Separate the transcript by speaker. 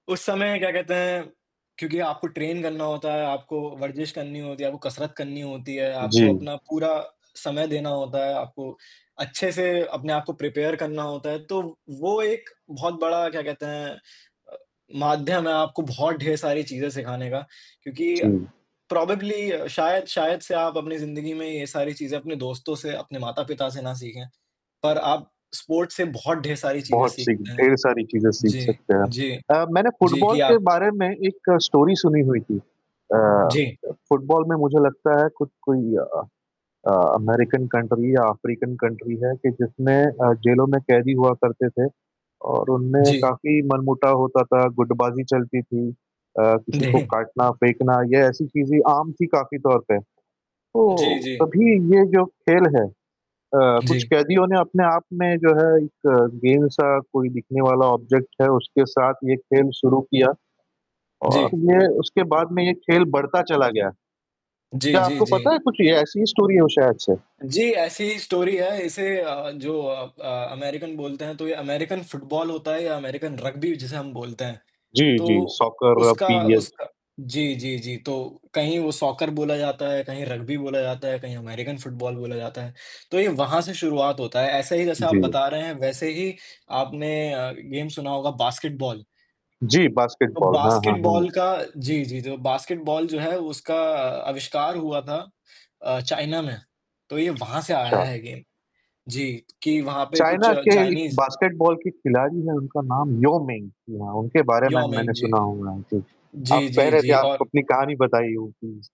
Speaker 1: उस समय क्या कहते हैं? क्योंकि आपको ट्रेन करना होता है, आपको वर्जिश करनी होती है, आपको कसरत करनी होती है, आपको
Speaker 2: जी।
Speaker 1: अपना पूरा समय देना होता है, आपको अच्छे से अपने आप को प्रिपेयर करना होता है। तो वो एक बहुत बड़ा क्या कहते हैं अ, माध्यम है आपको बहुत ढेर सारी चीज़ें सिखाने का क्योंकि
Speaker 2: जी।
Speaker 1: प्रोबेबली शायद शायद से आप अपनी ज़िंदगी में ये सारी चीज़ें अपने दोस्तों से, अपने माता-पिता से ना सीखें। पर आप स्पोर्ट्स से बहुत ढेर सारी चीज़ें
Speaker 2: बहुत-सी,
Speaker 1: सीखते हैं।
Speaker 2: ढेर सारी चीज़ें सीख
Speaker 1: जी,
Speaker 2: सकते हैं।
Speaker 1: जी।
Speaker 2: अ, मैंने
Speaker 1: जी,
Speaker 2: फुटबॉल
Speaker 1: कि
Speaker 2: के
Speaker 1: आप
Speaker 2: बारे में एक स्टोरी सुनी हुई थी। अ,
Speaker 1: जी।
Speaker 2: फुटबॉल में मुझे लगता है कु कोई अ अ, अमेरिकन कंट्री या अफ़्रीकन कंट्री है कि जिसमें अ, जेलों में कैदी हुआ करते थे और उनमें
Speaker 1: जी।
Speaker 2: काफ़ी मनमुटा होता था, गुटबाज़ी चलती थी। अ, किसी को
Speaker 1: [unintelligible]
Speaker 2: काटना, फेंकना ये ऐसी चीज़ें आम थी काफ़ी तौर पे। तो
Speaker 1: जी, जी।
Speaker 2: तभी ये जो खेल है अ, कुछ
Speaker 1: जी।
Speaker 2: कैदियों ने अपने आप में जो है एक गेंद-सा कोई दिखने वाला ऑब्जेक्ट है उसके साथ ये खेल शुरू किया और
Speaker 1: जी।
Speaker 2: ये उसके बाद में ये खेल बढ़ता चला गया।
Speaker 1: जी,
Speaker 2: क्या
Speaker 1: जी,
Speaker 2: आपको पता
Speaker 1: जी।
Speaker 2: है कुछ, ऐसी ही स्टोरी है शायद से?
Speaker 1: जी, ऐसी ही स्टोरी है इसे अ, जो अ अ, अमेरिकन बोलते हैं तो ये अमेरिकन फुटबॉल होता है या अमेरिकन रग्बी जिसे हम बोलते हैं।
Speaker 2: जी, जी।
Speaker 1: तो
Speaker 2: सॉकर
Speaker 1: उसका
Speaker 2: [unintelligible]
Speaker 1: उसका जी, जी, जी, तो कहीं वो सॉकर बोला जाता है कहीं रग्बी बोला जाता है कहीं अमेरिकन फुटबॉल बोला जाता है। तो ये वहाँ से शुरुआत होता है ऐसे ही जैसे आप
Speaker 2: जी।
Speaker 1: बता रहे हैं वैसे ही आपने अ, गेम सुना होगा बास्केटबॉल।
Speaker 2: जी,
Speaker 1: तो
Speaker 2: बास्केटबॉल। हाँ, हाँ, हाँ।
Speaker 1: बास्केटबॉल का जी, जी, जो बास्केटबॉल जो है उसका अ, अविष्कार हुआ था अ, चाइना में। तो ये वहाँ से
Speaker 2: अच्छा।
Speaker 1: आया है गेम जी, कि वहाँ पे कुछ
Speaker 2: चाइना के एक
Speaker 1: चाइनीज़
Speaker 2: बास्केटबॉल की खिलाड़ी हैं उनका नाम याओ मिंग जी हाँ, उनके बारे में
Speaker 1: याओ
Speaker 2: मैंने
Speaker 1: मिंग, जी।
Speaker 2: सुना हुआ है, जी।
Speaker 1: जी,
Speaker 2: आप कह
Speaker 1: जी,
Speaker 2: रहे थे
Speaker 1: जी
Speaker 2: आप
Speaker 1: और
Speaker 2: अपनी कहानी बताइयो प्लीज़।